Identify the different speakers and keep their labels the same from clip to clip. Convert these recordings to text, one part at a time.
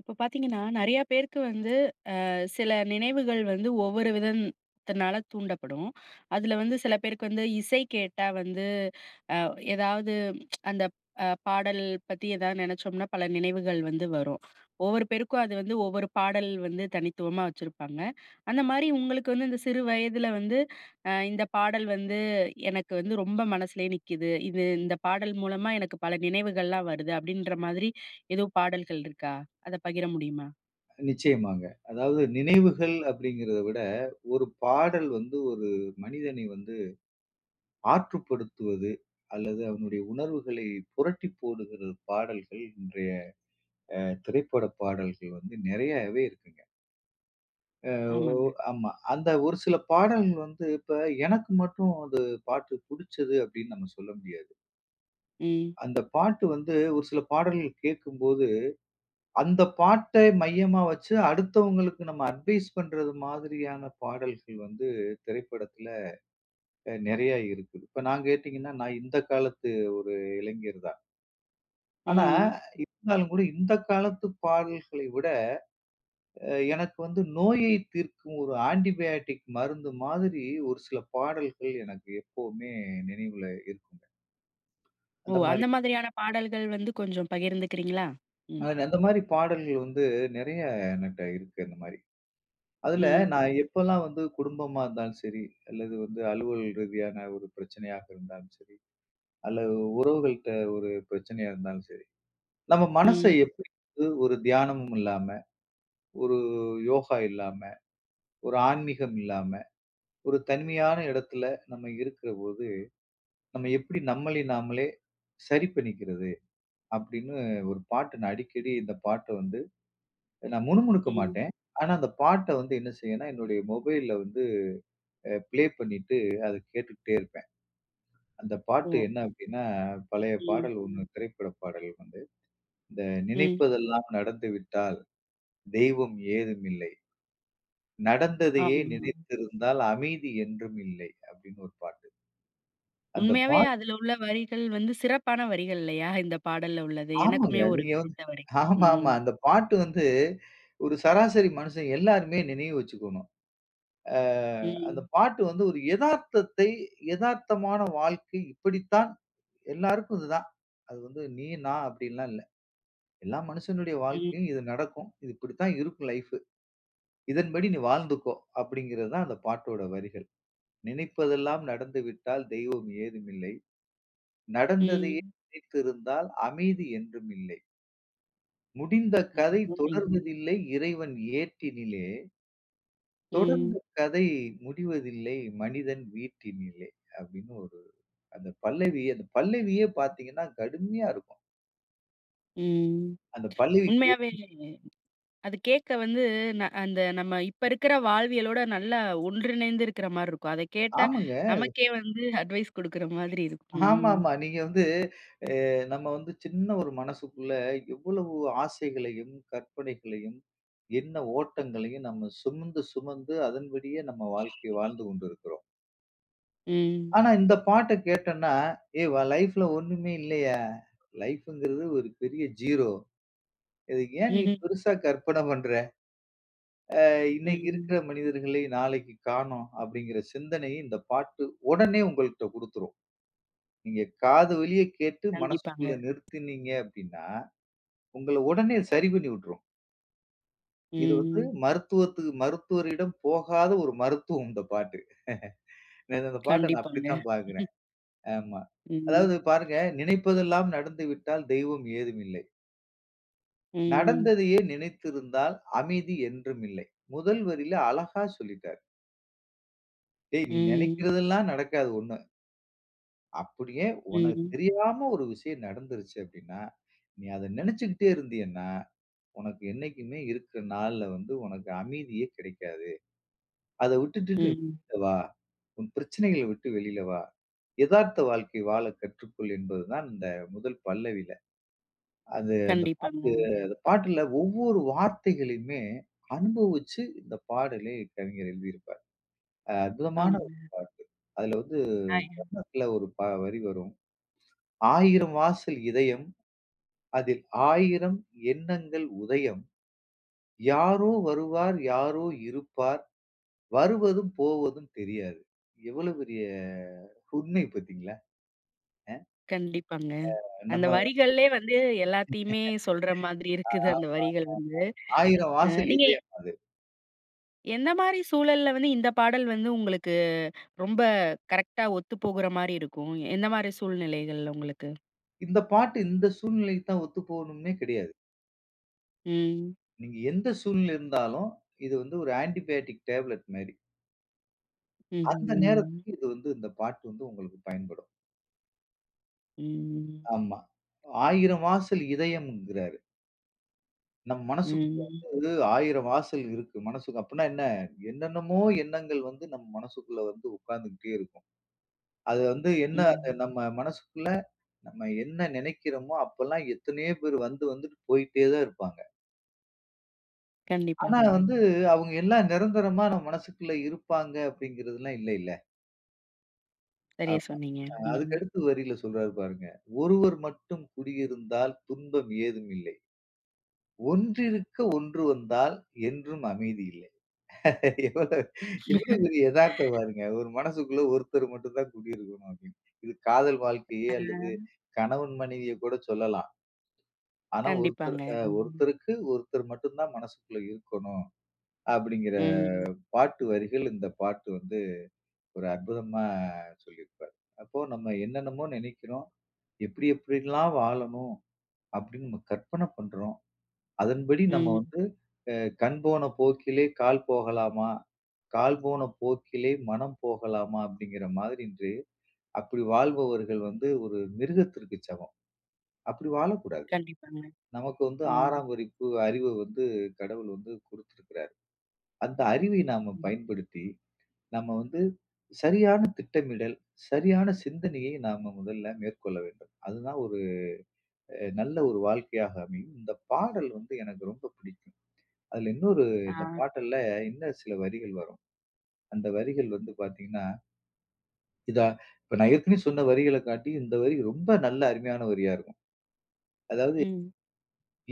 Speaker 1: இப்ப பார்த்தீங்கன்னா, நெறையா பேருக்கு வந்து அ சில நினைவுகள் வந்து ஒவ்வொரு விதத்தினால தூண்டப்படும். அதில வந்து சில பேருக்கு வந்து இசை கேட்டா வந்து அ ஏதாவது அந்த அ பாடல் பத்தி ஏதாவது நெனைச்சோம்னா பல நினைவுகள் வந்து வரும். ஒவ்வொரு பேருக்கும் அது வந்து ஒவ்வொரு பாடல் வந்து தனித்துவமா வச்சிருப்பாங்க. அந்த மாரி உங்களுக்கு வந்து இந்த சிறு வயதுல வந்து, "அ இந்த பாடல் வந்து எனக்கு வந்து ரொம்ப மனசுலே நிக்குது. இது இந்த பாடல் மூலமா எனக்கு பல நினைவுகள்லாம் வருது." அப்படீன்ற மாதிரி எதுவும் பாடல்கள் இருக்கா? அத பகிர முடியுமா?
Speaker 2: நிச்சயமாங்க. அதாவது நினைவுகள் அப்படீங்கிறத விட, ஒரு பாடல் வந்து ஒரு மனிதனை வந்து ஆற்றுப்படுத்துவது அல்லது அவனுடைய உணர்வுகளை புரட்டி போடுகிற பாடல்கள், இன்றைய அ திரைப்பட பாடல்கள் வந்து நெறையவே இருக்குங்க. அ ஓ
Speaker 1: ஆமாங்க.
Speaker 2: ஆமா. அந்த ஒரு சில பாடல் வந்து இப்ப, "எனக்கு மட்டும் அது பாட்டு புடிச்சது" அப்படீன்னு நம்ம சொல்ல முடியாது.
Speaker 1: ம்.
Speaker 2: அந்த பாட்டு வந்து ஒரு சில பாடல் கேட்கும்போது, அந்த பாட்டை மையமா வச்சு அடுத்தவங்களுக்கு நம்ம அட்வைஸ் பண்றது மாதிரியான பாடல்கள் வந்து திரைப்படத்துல அ நெறைய இருக்குது. இப்ப நான் கேட்டீங்கன்னா, நான் இந்த காலத்து ஒரு இளைஞர்தான். ஆனா,
Speaker 1: ம்.
Speaker 2: இருந்தாலும் கூட இந்த காலத்து பாடல்களை விட, எனக்கு வந்து நோயை தீர்க்கும் ஒரு ஆன்டி பயோடிக் மருந்து மாதிரி ஒரு சில பாடல்கள் எனக்கு எப்பவுமே நினைவுல இருக்குங்க.
Speaker 1: ஓ!
Speaker 2: அந்தமாரி
Speaker 1: அந்த மாதிரியான பாடல்கள் வந்து கொஞ்சம் பகிர்ந்திக்கிறீங்களா?
Speaker 2: அ
Speaker 1: ம்.
Speaker 2: அந்தமாரி பாடல்கள் வந்து நெறையா என்னட்ட இருக்கு அந்தமாரி. அதுல
Speaker 1: ம்.
Speaker 2: நான் எப்பலாம் வந்து குடும்பமா இருந்தாலும் சரி, அல்லது வந்து அலுவல் ரீதியான ஒரு பிரச்சனையாக இருந்தாலும் சரி, அல்லது உறவுகள்ட்ட ஒரு பிரச்சனையா இருந்தாலும் சரி, நம்ம மனச
Speaker 1: ம்.
Speaker 2: எப்பிடி வந்து ஒரு தியானமும் இல்லாம, ஒரு யோகா இல்லாம, ஒரு ஆன்மீகம் இல்லாம, ஒரு தனிமையான இடத்துல நம்ம இருக்குறபோது, நம்ம எப்டி நம்மளை நாமலே சரி பண்ணிக்கிறது அப்பிடின்னு ஒரு பாட்டு நான் அடிக்கடி இந்த பாட்ட வந்து, நான் முணுமுணுக்க
Speaker 1: ம்.
Speaker 2: மாட்டேன். ஆனா அந்த பாட்ட வந்து என்ன செய்வேனா, என்னுடைய மொபைல்ல வந்து அ ப்ளே பண்ணிட்டு, அத கேட்டுட்டே இருப்பேன். அந்த பாட்டு
Speaker 1: ஓ.
Speaker 2: என்ன அப்டின்னா, பழைய
Speaker 1: ம்.
Speaker 2: பாடல் ஒண்ணு திரைப்பட பாடல் வந்து, இந்த
Speaker 1: ம்.
Speaker 2: "நினைப்பதெல்லாம் நடந்துவிட்டால் தெய்வம் ஏதும் இல்லை. நடந்ததையே
Speaker 1: ஆமாமா.
Speaker 2: நினைத்திருந்தால் அமைதி என்றும் இல்லை." அப்டின்னு ஒரு பாட்டு. அந்த
Speaker 1: உண்மையாவே
Speaker 2: பாட்
Speaker 1: அதுல உள்ள வரிகள் வந்து சிறப்பான வரிகள் இல்லயா, இந்த பாடல்ல உள்ளது.
Speaker 2: ஆமாங்க.
Speaker 1: எனக்குமே ஒரு
Speaker 2: நீங்க வந்து
Speaker 1: பிடித்த வரி.
Speaker 2: ஆமாமா.
Speaker 1: ம்.
Speaker 2: அந்த பாட்டு வந்து ஒரு சராசரி மனிஷன் எல்லாருமே நினைவு வச்சிக்கணும். அ அந்த
Speaker 1: ம்.
Speaker 2: பாட்டு வந்து ஒரு எதார்த்தத்தை எதார்த்தமான வாழ்க்கை இப்படித்தான் எல்லாருக்கும் இது தான். அது வந்து நீ, நான் அப்டின்லாம் இல்ல. எல்லா மனுஷனுடைய
Speaker 1: ம்.
Speaker 2: வாழ்க்கையில இது நடக்கும். இது இப்டித்தான் இருக்கும் லைஃப். "இதன்படி நீ வாழ்ந்துக்கோ!" அப்டிங்கிறதுதான் அந்த பாட்டோட வரிகள். "நினைப்பதெல்லாம் நடந்துவிட்டால் தெய்வம் ஏதும் இல்லை. நடந்ததையே
Speaker 1: ம்.
Speaker 2: நினைத்திருந்தால் அமைதி என்றும் இல்லை." முடிந்த கதை
Speaker 1: [unintelligible]
Speaker 2: தொடர்வதில்லை இறைவன் ஏட்டினிலே, தொடர்ந்த
Speaker 1: ம்.
Speaker 2: கதை முடிவதில்லை மனிதன் வீட்டினிலே அப்பிடீன்னு ஒரு அந்த பல்லவி. அந்த பல்லவியே பார்த்தீங்கன்னா கடுமையா இருக்கும்.
Speaker 1: ம்
Speaker 2: அந்த பல்லவிக்கு,
Speaker 1: உண்மையாவே அது கேட்க வந்து ந அந்த நம்ம இப்ப இருக்கிற வாழ்வியலோட நல்லா ஒன்றிணைந்து இருக்கிறமாரி இருக்கும். அதை கேட்டா
Speaker 2: ஆமாங்க.
Speaker 1: நமக்கே வந்து அட்வைஸ் குடுக்கிற மாதிரி இருக்கும்.
Speaker 2: ஆமாமா.
Speaker 1: ம்.
Speaker 2: நீங்க வந்து அ நம்ம வந்து சின்ன ஒரு மனசுக்குள்ள எவ்வளவு ஆசைகளையும், கற்பனைகளையும், எண்ண ஓட்டங்களையும் நம்ம சுமந்து, சுமந்து அதன்படியே நம்ம வாழ்க்கைய வாழ்ந்து கொண்டிருக்கிறோம்.
Speaker 1: ம்.
Speaker 2: ஆனா, இந்த பாட்டை கேட்டன்னா, "ஏய்! வ லைஃப்‌ல ஒன்னுமே இல்லய்யா! லைஃப்ங்கிறது ஒரு பெரிய ஜீரோ. இதுக்கு ஏன் நீ
Speaker 1: ம்ஹ்ம்.
Speaker 2: பெருசா கற்பனை பண்ற? அ இன்னக்கி இருக்கிற
Speaker 1: ம்.
Speaker 2: மனிதர்களை நாளைக்கு காணோம். "அப்பிடிங்கிற சிந்தனையை இந்த பாட்டு உடனே உங்கள்ட்ட குடுத்துரும். நீங்க காது வழிய கேட்டு
Speaker 1: கண்டிப்பாங்க.
Speaker 2: மனசுக்குள்ள நிறுத்தினீங்க அப்பிடின்னா, உங்கள உடனே சரி பண்ணிவிட்ரும். இது வந்து
Speaker 1: ம்.
Speaker 2: மருத்துவத்து மருத்துவரிடம் போகாத ஒரு மருத்துவம் இந்த பாட்டு நான் அந்த பாட்ட நான்
Speaker 1: கண்டிப்பாங்க
Speaker 2: அப்பிடித்தான் பார்க்கிறேன். ஆமா.
Speaker 1: ம்.
Speaker 2: அதாவது பாருங்க, "நினைப்பதெல்லாம் நடந்து விட்டால் தெய்வம் ஏதும் இல்லை"
Speaker 1: ம்.
Speaker 2: "நடந்ததையே நினைத்திருந்தால் அமைதி என்றும் இல்லை." முதல் வரில அழகா சொல்லிட்டாரு. டேய் நீ!
Speaker 1: ம்.
Speaker 2: நினைக்கிறதெல்லாம் நடக்காது 1 அப்பிடியே
Speaker 1: ம்,
Speaker 2: உனக்கு
Speaker 1: ம்.
Speaker 2: தெரியாம ஒரு விஷயம் நடந்துருச்சு அப்பிடின்னா, நீ அத நினச்சிக்கிட்டே இருந்தீயன்னா, உனக்கு என்னைக்குமே இருக்கிற நாள்ல வந்து உனக்கு அமைதியே கிடைக்காது. அத விட்டுடிட்டு
Speaker 1: ம்.
Speaker 2: [unintelligible] வா! உன் பிரச்சனைகள விட்டு வெளில வா! எதார்த்த வாழ்க்கை வாழ கற்றுக்கொள்." என்பது தான் இந்த முதல் பல்லவில. அது அந்த பாட்டு
Speaker 1: கண்டிப்பாங்க.
Speaker 2: அந்த பாட்டுல ஒவ்வொரு வார்த்தைகளையுமே அனுபவிச்சு இந்த பாடலை கவிஞர் எழுதியிருப்பாரு. அ அற்புதமான ஒரு
Speaker 1: ஆமாங்க.
Speaker 2: பாட்டு. அதுல வந்து
Speaker 1: [unintelligible]
Speaker 2: சரணத்துல ஒரு ப வரி வரும். ஆயிரம் வாசல் இதயம், அதில் ஆயிரம் எண்ணங்கள் உதயம். யாரோ வருவார், யாரோ இருப்பார், வருவதும் போவதும் தெரியாது." எவ்வளவு பெரிய உண்மை பார்த்தீங்களா அ
Speaker 1: கண்டிப்பாங்க. அந்த
Speaker 2: நம்ம [unintelligible]
Speaker 1: வரிகள்லே வந்து எல்லாத்தையுமே சொல்ற மாதிரி
Speaker 2: ஆ, ஆமா,
Speaker 1: இருக்குது
Speaker 2: ஆமா, ஆமா.
Speaker 1: அந்த வரிகள் வந்து.
Speaker 2: ஆயிரம்
Speaker 1: அ
Speaker 2: வாசல்
Speaker 1: நீங்க
Speaker 2: இதயம் அது.
Speaker 1: எந்த மாதிரி சூழல்ல வந்து இந்த பாடல் வந்து உங்களுக்கு ரொம்ப கரெக்டா ஒத்து போகுறமாரி இருக்கும்? எந்தமாரி சூழ்நிலைகள்ல உங்களுக்கு?
Speaker 2: இந்த பாட்டு இந்த சூழ்நிலைக்கு தான் ஒத்து போனும்னே கிடையாது.
Speaker 1: ம்.
Speaker 2: நீங்க எந்த சூழ்நிலையில இருந்தாலும், இது வந்து ஒரு ஆன்டிபயாட்டிக் டேப்ளட் மாரி.
Speaker 1: ம்ஹ்ம்,
Speaker 2: அந்த
Speaker 1: ம்.
Speaker 2: நேரத்துக்கு இது வந்து இந்த பாட்டு வந்து உங்களுக்கு பயன்படும்.
Speaker 1: ம்.
Speaker 2: ஆமா. "ஆயிரம் வாசல் இதயம்" என்கிறாரு. நம் மனசுக்குள்ள
Speaker 1: ம்.
Speaker 2: வந்து ஆயிரம் வாசல் இருக்கு மனசுக்கு. அப்புன்னா என்ன? என்னென்னமோ எண்ணங்கள் வந்து நம் மனசுக்குள்ள வந்து உட்கார்ந்துக்கிட்டே இருக்கும். அது வந்து என்ன அ
Speaker 1: ம்.
Speaker 2: நம்ம மனசுக்குள்ள நம்ம என்ன நினைக்கிறோமோ! அப்பல்லாம் எத்தனையோ பேர் வந்து வந்துட்டு போயிட்டே தான் இருப்பாங்க. ஆனா
Speaker 1: கண்டிப்பாங்க.
Speaker 2: வந்து அவுங்க எல்லாம் நிரந்தரமா நம்ம மனசுக்குள்ள இருப்பாங்க, அப்டிங்கிறதுலாம் இல்லேல்ல.
Speaker 1: சரியா
Speaker 2: ஆமா
Speaker 1: சொன்னீங்க.
Speaker 2: அ
Speaker 1: ம்.
Speaker 2: அதுக்கு அடுத்து வரியில சொல்றாரு பாருங்க. "ஒருவர் மட்டும் குடியிருந்தால் துன்பம் ஏதும் இல்லை. ஒன்றிருக்க ஒன்று வந்தால் என்றும் அமைதி இல்லை." எவ்வளவு எவ்வளவு பெரிய எதார்த்தம் பாருங்க! ஒரு மனசுக்குள்ள ஒருத்தர் மட்டும் தான் குடி இருக்கணும் அப்டின்னு இது காதல் வாழ்க்கையே
Speaker 1: அ.
Speaker 2: அல்லது கணவன் மனைவிய கூட சொல்லலாம். ஆனா ஒருத்தர்
Speaker 1: கண்டிப்பாங்க.
Speaker 2: அ
Speaker 1: ம்.
Speaker 2: ஒருத்தருக்கு ஒருத்தர் மட்டும் தான் மனசுக்குள்ள இருக்கணும். அப்டிங்கற
Speaker 1: ம்.
Speaker 2: பாட்டு வரிகள் இந்த பாட்டு வந்து ஒரு அற்புதமா சொல்லியிருப்பாரு. அப்போ நம்ம என்னென்னமோ நினைக்கிறோம், எப்டி, எப்படியெல்லாம் வாழணும் அப்டின்னு நம்ம கற்பனை பண்றோம். அதன்படி நம்ம
Speaker 1: ம்.
Speaker 2: வந்து அ "கண் போன போக்கிலே கால் போகலாமா! கால் போன போக்கிலே மனம் போகலாமா!" அப்டிங்கற மாதிரி இன்று அப்டி வாழ்பவர்கள் வந்து ஒரு மிருகத்திற்கு சமம். அப்டி வாழக்கூடாது.
Speaker 1: கண்டிப்பாங்க.
Speaker 2: நமக்கு வந்து
Speaker 1: ம்.
Speaker 2: 6 ஆம் வரிப்பு அறிவ வந்து கடவுள் வந்து குடுத்துருக்குறாரு. அந்த அறிவை நாம
Speaker 1: ம்.
Speaker 2: பயன்படுத்தி, நம்ம வந்து சரியான திட்டமிடல், சரியான சிந்தனையை நாம முதல்ல மேற்கொள்ள வேண்டும். அதுதான் ஒரு அ நல்ல ஒரு வாழ்க்கையாக அமையும். இந்த பாடல் வந்து எனக்கு ரொம்ப பிடிக்கும். அதுல இன்னொரு இந்த
Speaker 1: ஆ.
Speaker 2: பாட்டல்ல இன்னும் சில வரிகள் வரும். அந்த வரிகள் வந்து பாத்தீங்கன்னா. இதா இப்ப நான் ஏற்கனவே சொன்ன வரிகள காட்டியும், இந்த வரி ரொம்ப நல்ல அருமையான வரியா இருக்கும். அதாவது
Speaker 1: ம்.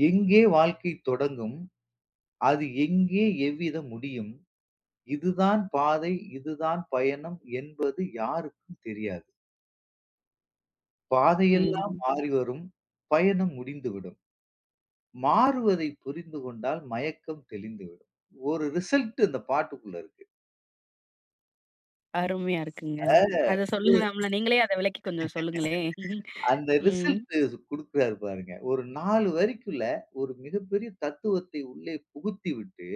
Speaker 2: எங்கே வாழ்க்கை தொடங்கும்? அது எங்கே எவ்விதம் முடியும்? இதுதான் பாதை, இதுதான் பயணம் என்பது யாருக்கும் தெரியாது. "பாதையெல்லாம்
Speaker 1: ம்.
Speaker 2: மாறிவரும். பயணம் முடிந்துவிடும். மாறுவதை புரிந்து கொண்டால் மயக்கம் தெளிந்துவிடும்." ஒரு ரிசல்ட் அந்த பாட்டுக்குள்ள இருக்கு. ம்.
Speaker 1: அருமையா இருக்குங்க.
Speaker 2: அ. [unintelligible]
Speaker 1: அத சொல்லலாம்ல. நீங்களே அதை விளக்கி கொஞ்சம் சொல்லுங்களேன்.
Speaker 2: அந்த
Speaker 1: ம்.
Speaker 2: ரிசல்ட் குடுக்குறாரு பாருங்க. ஒரு 4 வரிக்குள்ள ஒரு மிகப்பெரிய தத்துவத்தை உள்ளே புகுத்தி விட்டு,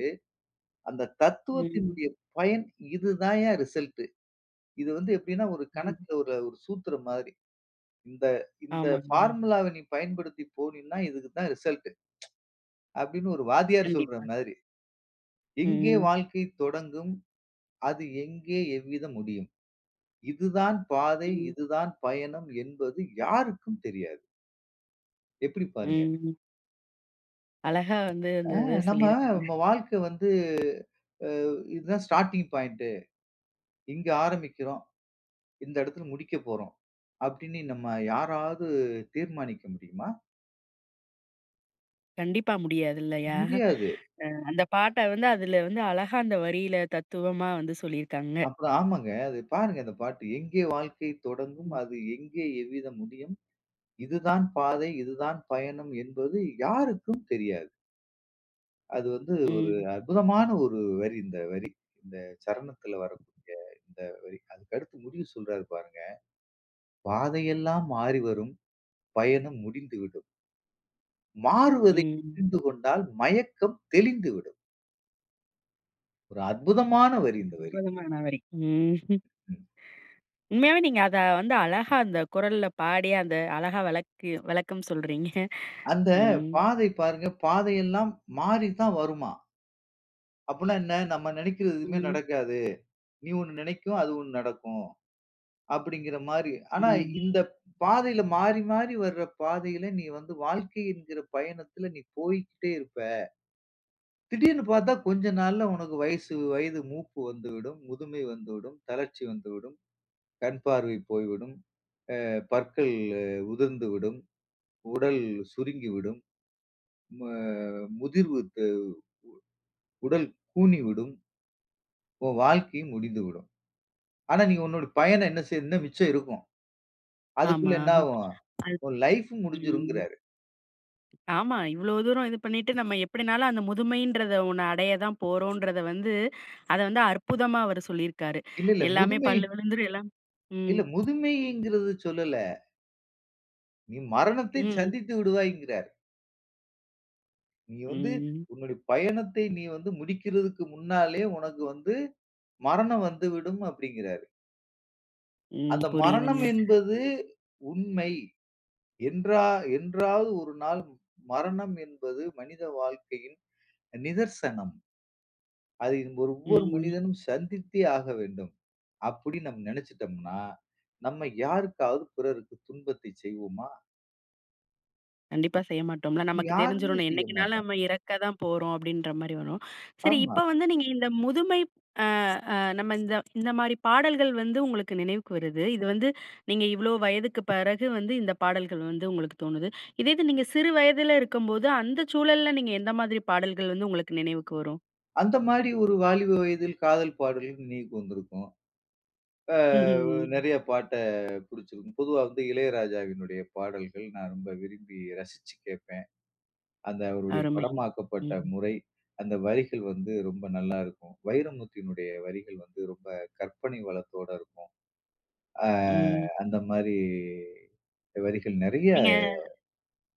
Speaker 2: அந்த
Speaker 1: ம்.
Speaker 2: தத்துவத்தினுடைய பயன், இதுதான்யா ரிசல்ட். இது வந்து எப்டின்னா, ஒரு கணக்குல ஒரு ஒரு சூத்திரம் மாதிரி. இந்த இந்த
Speaker 1: ஆமாங்க.
Speaker 2: ஃபார்முலாவ நீ பயன்படுத்தி போனினா இதுக்கு தான் ரிசல்ட். அப்டின்னு ஒரு வாத்தியார் சொல்ற
Speaker 1: கண்டிப்பா.
Speaker 2: மாரி. "எங்கே
Speaker 1: ம்.
Speaker 2: வாழ்க்கை தொடங்கும்? அது எங்கே எவ்விதம் முடியும்? இதுதான் பாதை,
Speaker 1: ம்.
Speaker 2: இது தான் பயணம் என்பது யாருக்கும் தெரியாது." எப்டி பாருங்க?
Speaker 1: ம். அழகா வந்து
Speaker 2: அ
Speaker 1: அந்தத
Speaker 2: நம்ம
Speaker 1: சொல்லிருக்காங்க.
Speaker 2: நம்ம வாழ்க்க வந்து, அ இதான் ஸ்டார்ட்டிங் பாயிண்ட்டு, இங்க ஆரம்பிக்கிறோம், இந்த இடத்துல முடிக்க போறோம், அப்டின்னு நம்ம யாராவது தீர்மானிக்க முடியுமா?
Speaker 1: கண்டிப்பா முடியாது இல்லையா,
Speaker 2: முடியாது.
Speaker 1: அ அந்த பாட்ட வந்து அதில வந்து அழகா அந்த வரியில தத்துவமா வந்து சொல்லிருக்காங்க.
Speaker 2: அப்பறம் ஆமாங்க, அது பாருங்க அந்தப் பாட்டு "எங்கே வாழ்க்கை தொடங்கும்
Speaker 1: ம்.
Speaker 2: அது எங்கே எவ்விதம் முடியும், இதுதான் பாதை இதுதான் பயணம் என்பது யாருக்கும் தெரியாது." அது வந்து ஒரு
Speaker 1: ம்.
Speaker 2: அற்புதமான ஒரு வரி, இந்த வரி. இந்த சரணத்துல வரக்கூடிய இந்த வரி. அதுக்கடுத்து முடிவு சொல்றாரு பாருங்க, "பாதையெல்லாம் மாறி வரும் பயணம் முடிந்துவிடும்." மாறுவதை
Speaker 1: ம்.
Speaker 2: புரிந்துகொண்டால் மயக்கம் தெளிந்துவிடும். ஒரு அற்புதமான வரி இந்த வரி.
Speaker 1: அற்புதமான வரி. ம்.
Speaker 2: ம்.
Speaker 1: உண்மையாவே நீங்க அத வந்து அழகா அந்த குரல்ல பாடி அந்த அழகா வளக்கி விளக்கம் சொல்றீங்க.
Speaker 2: அந்த
Speaker 1: ம்.
Speaker 2: பாதை பாருங்க பாதையெல்லாம் மாறித்தான் வருமாம். அப்பன்னா என்ன? நம்ம நினைக்கிறது எதுவுமே
Speaker 1: ம்.
Speaker 2: நடக்காது. "நீ ஒண்ணு நினைக்கும் அது ஒண்ணு நடக்கும்." அப்டிங்கற மாரி. ஆனா
Speaker 1: ம்.
Speaker 2: இந்த பாதையில மாறி மாறி வர்ற பாதையில நீ வந்து வாழ்க்கை என்கிற பயணத்துல நீ போய்க்கிட்டே இருப்ப. திடீர்னு பார்த்தா கொஞ்ச நாள்ல உனக்கு வயசு வயது மூப்பு வந்து விடும், முதுமை வந்து விடும், தளர்ச்சி வந்து விடும், கண் பார்வை போய் விடும், அ பற்கள் உதிர்ந்து விடும், உடல் சுருங்கி விடும், அ முதிர்வுக்கு உ உடல் கூனி விடும், உன் வாழ்க்கையும் முடிந்து விடும். ஆனா நீ உன்னோட பயணம் என்ன செய்யும்னா மிச்சம் இருக்கும்,
Speaker 1: ஆமா.
Speaker 2: அதுக்குள்ள என்ன ஆகும்? உன் லைஃப்பும்
Speaker 1: அத் ம்.
Speaker 2: முடிஞ்சிரும்ங்கிறாரு.
Speaker 1: ஆமா. இவ்வளவு தூரம் இது பண்ணிட்டு நம்ம எப்டின்னாலும் அந்த முதுமைன்றத ஒண்ண அடைய தான் போறோன்றத வந்து, அத வந்து அற்புதமா அவர் சொல்லிருக்காரு.
Speaker 2: இல்ல, இல்ல.
Speaker 1: எல்லாமே
Speaker 2: முதுமை
Speaker 1: பல் விழுந்துரும். எல்லாம் ம்.
Speaker 2: இல்ல. முதுமைங்கிறத சொல்லல நீ மரணத்தை
Speaker 1: ம்.
Speaker 2: சந்தித்து விடுவாய் என்கிறாரு. நீ வந்து
Speaker 1: ம்.
Speaker 2: உன்னுடைய பயணத்தை நீ வந்து முடிக்கிறதக்கு முன்னாலே உனக்கு வந்து மரணம் வந்துவிடும் அப்டிங்கிறாரு.
Speaker 1: ம்.
Speaker 2: அந்த மரணம்
Speaker 1: புரியுதுங்க.
Speaker 2: என்பது உண்மை. "என்றா என்றாவது ஒரு நாள் மரணம் என்பது மனித வாழ்க்கையின் நிதர்சனம். அதை இங்க ஒவ்வொரு
Speaker 1: ம்.
Speaker 2: மனிதனும் சந்தித்தே ஆக வேண்டும்." அப்படி நம் நினைச்சுடம்னா, நம்ம யாருக்காவது பிறருக்கு துன்பத்தை செய்வோமா?
Speaker 1: கண்டிப்பா செய்ய மாடோம்ல. நமக்கு
Speaker 2: யாருமே
Speaker 1: தெரிஞ்சிரும்.
Speaker 2: செய்ய
Speaker 1: என்னைக்குனாலும்
Speaker 2: மாட்டோம்.
Speaker 1: நம்ம இறக்க தான் போறோம் அப்டின்ற மாரி வரும். சரி
Speaker 2: ஆமா.
Speaker 1: இப்ப வந்து நீங்க இந்த முதுமை அ அ நம்ம இந்த இந்த மாரி பாடல்கள் வந்து உங்களுக்கு நினைவுக்கு வருது. இது வந்து நீங்க இவ்ளோ வயதுக்கு பிறகு வந்து இந்த பாடல்கள் வந்து உங்களுக்கு தோணுது. இதே இது நீங்க சிறு வயதுல இருக்கும்போது அந்த சூழல்ல நீங்க எந்த மாதிரி பாடல்கள் வந்து உங்களுக்கு நினைவுக்கு வரும்?
Speaker 2: அந்த மாதிரி ஒரு வாலிப வயதில் காதல் பாடல் நினைவுக்கு வந்திருக்கும். அ நிறைய பாட்ட பிடிச்சிருக்கும். பொதுவா வந்து இளையராஜாவினுடைய பாடல்கள் நான் ரொம்ப விரும்பி ரசிச்சு கேப்பேன். அந்த அவருடைய
Speaker 1: அருமைங்,
Speaker 2: படமாக்கப்பட்ட
Speaker 1: ம்.
Speaker 2: முறை அந்த வரிகள் வந்து ரொம்ப நல்லா இருக்கும். வைரமுத்துவினுடைய வரிகள் வந்து ரொம்ப கற்பனை வளத்தோட இருக்கும் ஆ
Speaker 1: ம்.
Speaker 2: அந்தமாரி வரிகள் நிறைய
Speaker 1: நீங்க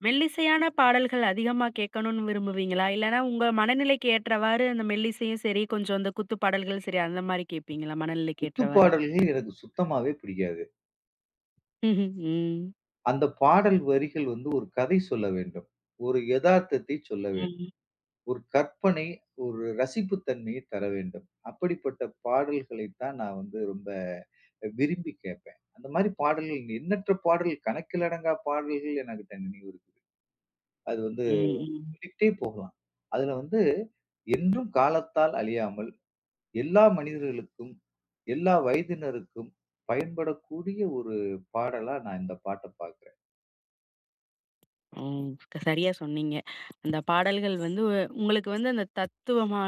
Speaker 1: மெல்லிசையான பாடல்கள் அதிகமா கேட்கணுனு விரும்புவீங்களா? இல்லன்னா, உங்க மனநிலைக்கு ஏற்றவாறு அந்த மெல்லிசையும் சரி, கொஞ்சம் இந்த குத்து பாடல்களும் சரி அந்தமாரி கேப்பீங்களா?
Speaker 2: குத்து
Speaker 1: மனநிலைக்கேற்றவாறு.
Speaker 2: பாடல்கள் எனக்கு சுத்தமாவே பிடிக்காது.
Speaker 1: ம்ஹும், ம்.
Speaker 2: அந்த பாடல் வரிகள் வந்து ஒரு கதை சொல்ல வேண்டும். ஒரு எதார்த்தத்தை சொல்ல வேண்டும்.
Speaker 1: ம்.
Speaker 2: ஒரு கற்பனை ஒரு ரசிப்பு தன்மையை தரவேண்டும். அப்படிப்பட்ட பாடல்களை தான் நான் வந்து ரொம்ப விரும்பி கேப்பேன். அந்தமாரி பாடல்கள் எண்ணற்ற பாடல் கணக்கில் அடங்கா பாடல்கள் எனக்கு [unintelligible] இருக்கு. அது வந்து
Speaker 1: ம். ம்.
Speaker 2: சொல்லிட்டே போகலாம். அதில வந்து என்றும் காலத்தால் அழியாமல் எல்லா மனிதர்களுக்கும், எல்லா வயதினருக்கும் பயன்படக்கூடிய ஒரு பாடலா நான் இந்த பாட்டை பார்க்கிறேன்.
Speaker 1: ம். க சரியா சொன்னீங்க அந்த பாடல்கள் வந்து, வ உங்களுக்கு வந்து அந்த தத்துவமா,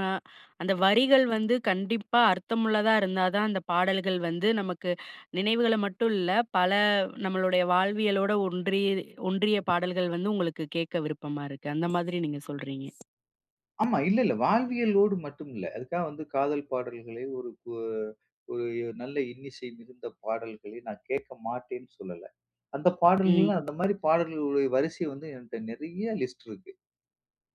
Speaker 1: அந்த வரிகள் வந்து கண்டிப்பா அர்த்தமுள்ளதா இருந்தா தான் அந்த பாடல்கள் வந்து நமக்கு நினைவுகள மட்டும் இல்ல, பல நம்மளுடைய வாழ்வியலோட ஒன்றி ஒன்றிய பாடல்கள் வந்து உங்களுக்கு கேட்க விருப்பமா இருக்கு. அந்த மாதிரி நீங்கள் சொல்றீங்க.
Speaker 2: ஆமா. இல்ல, இல்ல. வாழ்வியலோடு மட்டும் இல்ல. அதுக்காக வந்து காதல் பாடல்களை ஒரு உ ஒரு நல்ல இன்னிசை மிகுந்த பாடல்களை நான் கேட்க மாட்டேன்னு சொல்லல. அந்த பாடல்கள்லாம்
Speaker 1: ம்.
Speaker 2: அந்த மாரி பாடல்களுடைய வரிசை வந்து என்ட்ட நிறைய லிஸ்ட் இருக்கு.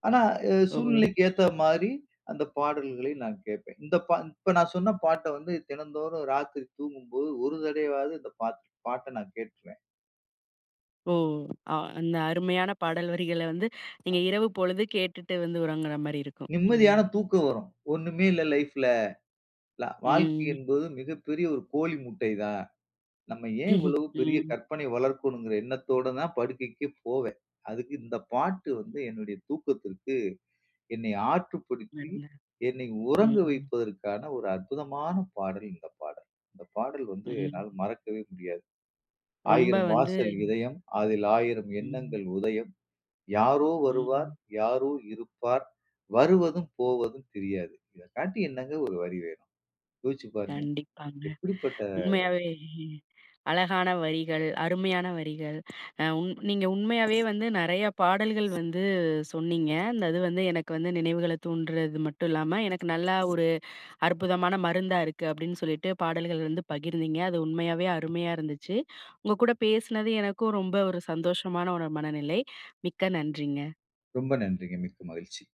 Speaker 2: ஆனா, அ
Speaker 1: ஓ!
Speaker 2: சூழ்நிலைக்கு ஏத்தமாரி அந்த பாடல்களை நான் கேட்பேன். இந்த ப இப்ப நான் சொன்ன பாட்ட வந்து தினந்தோறும் ராத்திரி தூங்கும்போது, ஒரு தடவையாவது இந்த பாத்த பாட்ட நான் கேட்டுருவேன்.
Speaker 1: ஓ! அ அந்த அருமையான பாடல் வரிகள வந்து நீங்க
Speaker 2: அ.
Speaker 1: இரவு பொழுது கேட்டுட்டு வந்து உறங்குறமாரி இருக்கும்.
Speaker 2: நிம்மதியான
Speaker 1: ம்.
Speaker 2: தூக்கம் வரும். ஒண்ணுமே இல்ல லைஃப்ல. ல வாழ்க்கை
Speaker 1: ம்.
Speaker 2: என்பது மிகப்பெரிய ஒரு கோழி முட்டை தான். நம்ம ஏன் இவ்வளவு பெரிய
Speaker 1: ம்.
Speaker 2: கற்பனை வளர்க்கணுங்கற எண்ணத்தோட தான் படுக்கைக்கே போவேன். அதுக்கு இந்த பாட்டு வந்து என்னுடைய தூக்கத்திற்கு, என்னை ஆற்றுப்படுத்தி
Speaker 1: [unintelligible]
Speaker 2: என்னை உறங்க
Speaker 1: ம்.
Speaker 2: வைப்பதற்கான ஒரு அற்புதமான பாடல் இந்த பாடல். இந்த பாடல் வந்து என்னால்
Speaker 1: ம்.
Speaker 2: மறக்கவே முடியாது.
Speaker 1: ரொம்ப
Speaker 2: "ஆயிரம்
Speaker 1: வந்து
Speaker 2: வாசல் இதயம், அதில் ஆயிரம்
Speaker 1: ம்.
Speaker 2: எண்ணங்கள் உதயம், யாரோ வருவார்,
Speaker 1: ம்.
Speaker 2: யாரோ இருப்பார் வருவதும் போவதும் தெரியாது." இத காட்டி என்னங்க ஒரு வரி வேணும். யோசிச்சு பாருங்க!
Speaker 1: கண்டிப்பாங்க.
Speaker 2: எப்படிப்பட்ட
Speaker 1: உண்மையாவே அழகான வரிகள், அருமையான வரிகள், அ உங் நீங்க உண்மையாவே வந்து நிறையா பாடல்கள் வந்து சொன்னீங்க. அந்தது வந்து எனக்கு வந்து நினைவுகள தூண்டுறது மட்டும் இல்லாம, எனக்கு நல்லா ஒரு அற்புதமான மருந்தா இருக்கு அப்பிடின்னு சொல்லிட்டு, பாடல்கள் வந்து பகிர்ந்தீங்க. அது உண்மையாவே அருமையா இருந்துச்சு. உங்க கூட பேசினது எனக்கும் ரொம்ப ஒரு சந்தோஷமான ஒரு மனநிலை. மிக்க நன்றிங்க.
Speaker 2: ரொம்ப நன்றிங்க. மிக்க மகிழ்ச்சி.